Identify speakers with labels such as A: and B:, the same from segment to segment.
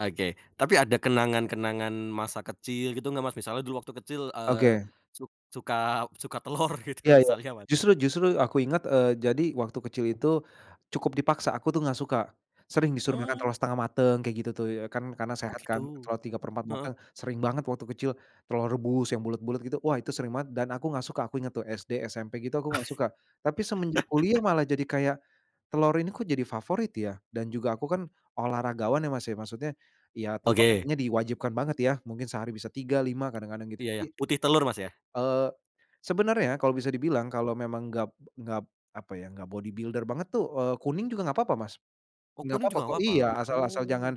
A: Oke. Tapi ada kenangan-kenangan masa kecil gitu nggak, Mas? Misalnya dulu waktu kecil, eee,
B: Oke.
A: suk suka suka telor
B: Iya
A: gitu
B: iya.
A: misalnya, Mas?
B: Justru justru aku inget, eee, jadi waktu kecil itu cukup dipaksa, aku tuh nggak suka. Sering disuruh makan
A: Mmm.
B: telur setengah mateng kayak gitu tuh, ya. Kan karena
A: Oh,
B: sehat kan,
A: gitu.
B: telur 3/4
A: Heeh.
B: mateng, sering banget waktu kecil telur rebus yang bulet-bulet, gitu. Wah, itu sering banget dan aku nggak suka, aku inget tuh SD, SMP gitu, aku nggak suka. Tapi semenjak kuliah malah jadi kayak, telur ini kok jadi favorit ya, dan juga aku kan olahragawan ya, Mas, ya, maksudnya, ya
A: Oke.
B: konsumsinya diwajibkan banget ya, mungkin sehari bisa 3, 5 kadang-kadang gitu,
A: Iya iya.
B: jadi,
A: Putih telur, Mas, ya.
B: eee, sebenarnya kalau bisa dibilang kalau memang enggak enggak, apa ya, enggak body builder banget tuh, eee, kuning juga enggak apa-apa, Mas.
A: Oh,
B: Enggak
A: kuning
B: apa-apa
A: juga
B: kok,
A: nggak papa?
B: iya, asal asal
A: Oh.
B: jangan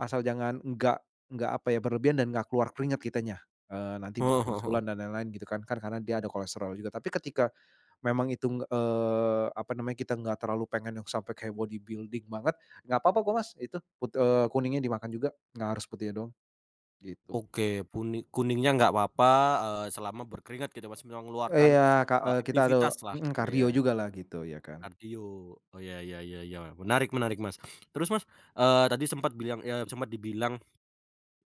B: asal jangan enggak enggak, apa ya, berlebihan dan enggak keluar keringat kitanya, eee, nanti bisa
A: Heeh heeh heeh.
B: bisulan dan lain-lain, gitu kan. Kan karena dia ada kolesterol juga, tapi ketika memang itu, eee, apa namanya, kita enggak terlalu pengen yang sampai kayak body building banget, enggak apa-apa kok, Mas, itu, kut eee, kuningnya dimakan juga, enggak harus putihnya doang, gitu.
A: Oke. Kuning kuningnya nggak apa-apa, eee, selama berkeringat gitu, Mas, mengeluarkan,
B: Eee, iya, Kak,
A: eee,
B: eee, kita ada,
A: aktivitas lah,
B: mhm,
A: gitu
B: kardio
A: ya.
B: juga lah gitu, ya kan.
A: Kardio, oh, iya iya iya iya. Menarik menarik, Mas. Terus Mas, eee, tadi sempet bilang, eee, sempat dibilang,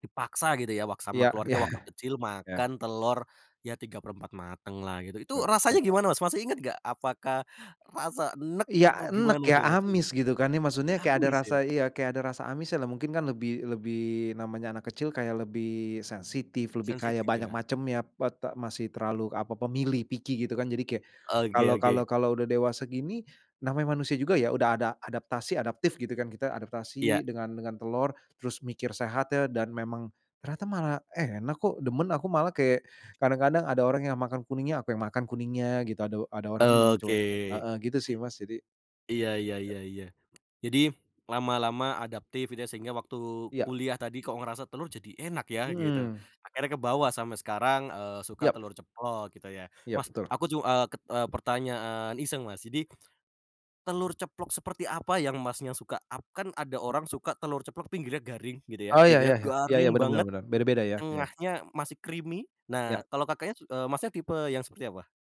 A: dipaksa gitu ya wak
B: Iya
A: sama keluarga
B: iya.
A: waktu kecil
B: Iya.
A: makan telur ya tiga perempat mateng lah gitu, itu
B: Nah,
A: rasanya
B: setengah
A: gimana,
B: mateng.
A: Mas, masih inget nggak? Apakah rasa enek atau
B: Iya, enek
A: gimana
B: ya,
A: tuh, Mas, dulu?
B: amis, gitu kan, ya, maksudnya kayak ada
A: Amis,
B: rasa,
A: ya?
B: iya, kayak ada rasa amis lah, mungkin kan lebih lebih namanya anak kecil, kayak lebih sensitif, lebih kayak
A: Sensitif,
B: banyak
A: ya.
B: macemnya pete masih terlalu apa pemilih picky gitu kan, jadi kayak
A: Oke
B: kalau kalau
A: oke.
B: kalau udah dewasa gini, namanya manusia juga ya, udah ada adaptasi, adaptif gitu kan, kita
A: Iya.
B: adaptasi dengan dengan telur. Terus mikir, sehat ya, dan memang, ternyata malah enak kok, demen aku malah, kayak kadang-kadang ada orang yang makan kuningnya, aku yang makan kuningnya gitu, ada ada orang tuh muncul.
A: Oke.
B: Heeh gitu sih, Mas, jadi
A: Iya iya iya iya. Jadi, lama-lama adaptif, gitu ya sehingga waktu
B: Iya.
A: kuliah tadi kok ngerasa telur jadi enak ya, gitu.
B: Mmm.
A: Akhirnya kebawa sampe sekarang, eee, suka
B: Iya.
A: telur ceplok, gitu ya.
B: Iya,
A: Mas,
B: betul.
A: aku ju eee, ket eee, pertanyaan iseng, Mas, jadi, telur ceplok seperti apa yang Masnya suka? Ap kan ada orang suka telur ceplok pinggirnya garing gitu ya,
B: Oh, iya iya
A: pinggirnya
B: iya. Iya iya,
A: garing
B: bener
A: banget,
B: bener bener. Beda-beda ya. Iya.
A: tengahnya masih creamy. Nah,
B: Iya.
A: kalo Kakaknya eee, Masnya tipe yang seperti apa?